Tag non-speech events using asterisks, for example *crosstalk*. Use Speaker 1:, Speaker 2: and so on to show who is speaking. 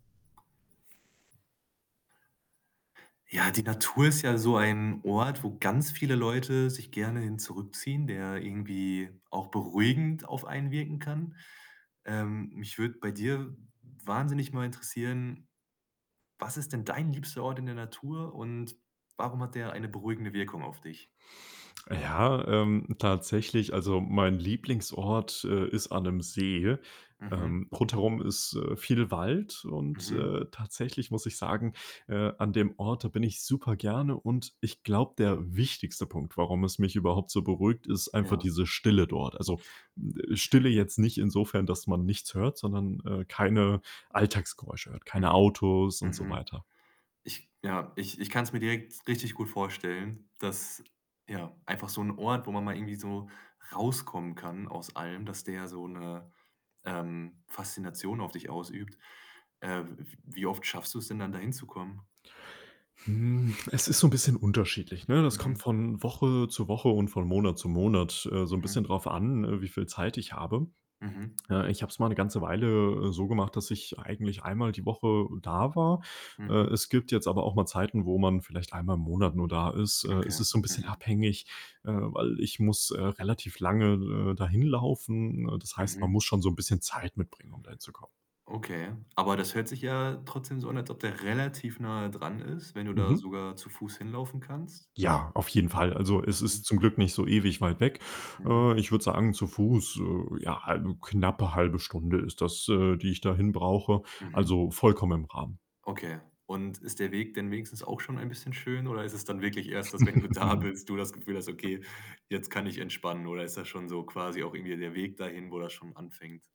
Speaker 1: Ja, die Natur ist ja so ein Ort, wo ganz viele Leute sich gerne hin zurückziehen, der irgendwie auch beruhigend auf einen wirken kann. Ähm, mich würde bei dir, w wahnsinnig mal interessieren, was ist denn dein liebster Ort in der Natur und warum hat der eine beruhigende Wirkung auf dich?
Speaker 2: Äh, ja, ähm, tatsächlich also mein Lieblingsort, äh, ist an 'nem See.
Speaker 1: Mhm.
Speaker 2: Ähm, rundherum ist, äh, viel Wald und,
Speaker 1: Mhm.
Speaker 2: äh, tatsächlich muss ich sagen, äh, an dem Ort, da bin ich super gerne, und, ich glaube, der wichtigste Punkt, warum es mich überhaupt so beruhigt, ist einfach
Speaker 1: Ja.
Speaker 2: diese Stille dort. Also, hm, Stille
Speaker 1: Mhm.
Speaker 2: jetzt nicht insofern, dass man nichts hört, sondern, äh, keine Alltagsgeräusche hört, keine
Speaker 1: Mhm.
Speaker 2: Autos und so
Speaker 1: Mhm.
Speaker 2: weiter.
Speaker 1: Ich, ja ich ich kann's mir direkt richtig gut vorstellen, dass ja, einfach so 'n Ort, wo man mal irgendwie so rauskommen kann aus allem, dass der so 'ne, ähm, Faszination auf dich ausübt. Äh, w wie oft schaffst du's denn dann da hinzukommen?
Speaker 2: Hm, es ist so 'n bisschen unterschiedlich, ne? Das kommt
Speaker 1: Mhm.
Speaker 2: von Woche zu Woche und von Monat zu Monat, äh, so 'n bisschen
Speaker 1: Mhm.
Speaker 2: darauf an, äh, wie viel Zeit ich habe.
Speaker 1: Mhm.
Speaker 2: Äh, ich habe es mal 'ne ganze Weile so gemacht, dass ich eigentlich einmal die Woche da war. Äh,
Speaker 1: Mhm.
Speaker 2: es gibt jetzt aber auch mal Zeiten, wo man vielleicht einmal im Monat nur da ist, äh, es
Speaker 1: Okay,
Speaker 2: ist so 'n bisschen
Speaker 1: mhm.
Speaker 2: abhängig, äh, weil ich muss, äh, relativ lange, äh, da hinlaufen. Äh, das heißt, man
Speaker 1: Mhm.
Speaker 2: muss schon so 'n bisschen Zeit mitbringen, um dahin zu kommen.
Speaker 1: Okay, aber das hört sich ja trotzdem so an, als ob der relativ nahe dran ist, wenn du da
Speaker 2: Mhm.
Speaker 1: sogar zu Fuß hinlaufen kannst?
Speaker 2: Ja, auf jeden Fall. Also, es
Speaker 1: Mhm.
Speaker 2: ist zum Glück nicht so ewig weit weg.
Speaker 1: Mhm.
Speaker 2: Äh, ich würde sagen, zu Fuß, äh, ja, hal knappe 1/2 Stunde ist das, äh, die ich dahin brauche,
Speaker 1: Mhm.
Speaker 2: also vollkommen im Rahmen.
Speaker 1: Okay. Und ist der Weg denn wenigstens auch schon ein bisschen schön oder ist es dann wirklich erst, dass wenn du da
Speaker 2: *giggles*
Speaker 1: bist, du das Gefühl hast: „Okay, jetzt kann ich entspannen?” Oder ist das schon so quasi auch irgendwie der Weg dahin, wo das schon anfängt?